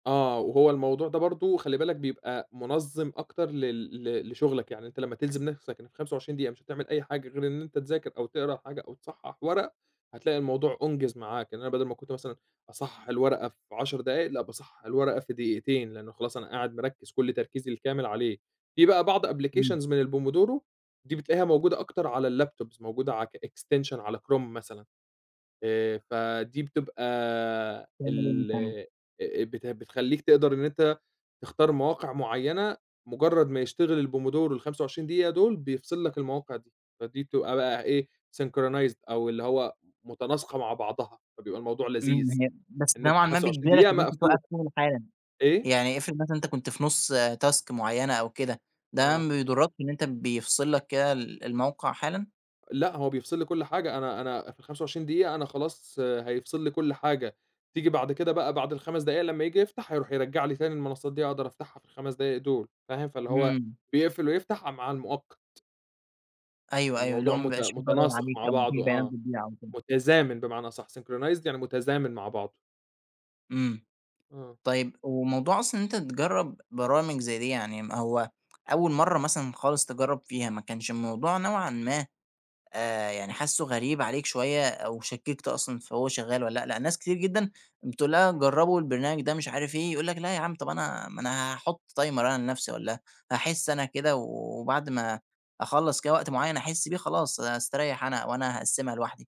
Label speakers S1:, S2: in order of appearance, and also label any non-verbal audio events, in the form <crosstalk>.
S1: آه، وهو الموضوع ده برضه خلّي بالك بيبقى منظِّم أكتر لل ل لشغلك، يعني أنت لمّا تلزم نفسك إنك 25 دقيقة، مش هتعمل أي حاجة غير إن أنت تذاكر أو تقرا حاجة أو تصحّح ورق، هتلاقي الموضوع أُنجِز معاك، يعني أنا بدل ما كنت مثلًا أصحّح الورقة في 10 دقايق، لأ باصحّح الورقة في دقيقتين، لأنه خلاص أنا قاعد مركّز كل تركيزي الكامل عليه. في بقى بعض
S2: إمم.
S1: applications من الpomodoro، دي بتلاقيها موجودة أكتر على الlaptops موجودة ع الextension على كروم مثلًا، آآ، فدي بتبقى ال
S2: <unintelligible>
S1: آآ، بت بتخليك تقدر إن أنت تختار مواقع معيّنة، مجرّد ما يشتغل الpomodoro ال25 دقيقة دول، بيفصل لك المواقع دي، فدي بتبقى بقى إيه، synchronized أو اللي هو متناسقة مع بعضها، فبيبقى الموضوع لذيذ،
S2: <unintelligible> بس
S1: إن
S2: ده
S1: أنت
S2: معناه
S1: 25
S2: بيجبرك
S1: دقيقة
S2: إن أنت
S1: مقفول.
S2: توقّف شغل حالًا،
S1: إيه؟
S2: يعني افرض مثلًا أنت كنت في نُصّ task معيّنة أو كده، ده
S1: آه.
S2: ما بيضرَّكش إن أنت بيفصل لك كده ال الموقع حالًا؟
S1: لأ، هو بيفصل لي كل حاجة، أنا أنا في ال25 دقيقة أنا خلاص، هيفصل لي كل حاجة، تيجي بعد كده بقى بعد ال5 دقايق لمّا ييجي يفتح، هيروح يرجّع لي تاني المنصات دي، أقدر أفتحها في ال5 دقايق دول، فاهم، فاللي هو
S2: إمم.
S1: بيقفل ويفتح ع مع المؤقت.
S2: أيوه، أيوه، اللي هو
S1: الموضوع
S2: ما
S1: مت
S2: بيبقاش في ضرر
S1: متناسق
S2: عليك،
S1: مع
S2: أو ما فيش
S1: بعضُه،
S2: بيانات
S1: آه،
S2: بتضيع أو كده.
S1: متزامن بمعنى أصح، synchronized يعني متزامن مع بعضُه.
S2: إمم،
S1: آه.
S2: طيب وموضوع أصلًا إن أنت تجرّب برامج زي دي، يعني ما هو أول مرّة مثلًا خالص تجرّب فيها، ما كانش الموضوع نوعًا ما آآ، يعني حاسُّه غريب عليك شوية أو شكِّكت أصلًا في هو شغّال والَّا لأ، لأن ناس كتير جدًا، بتقول لها جرّبوا البرنامج ده مش عارف إيه، يقول لك لأ ياعم، طَب أنا ما أنا هاحُطّ timer أنا لنفسي، والّا هاحس أنا كده، وبعد ما أخلّص كده وقت معيّن أحس بيه، خلاص هاستريّح أنا، وأنا هاقسّمها لوحدي.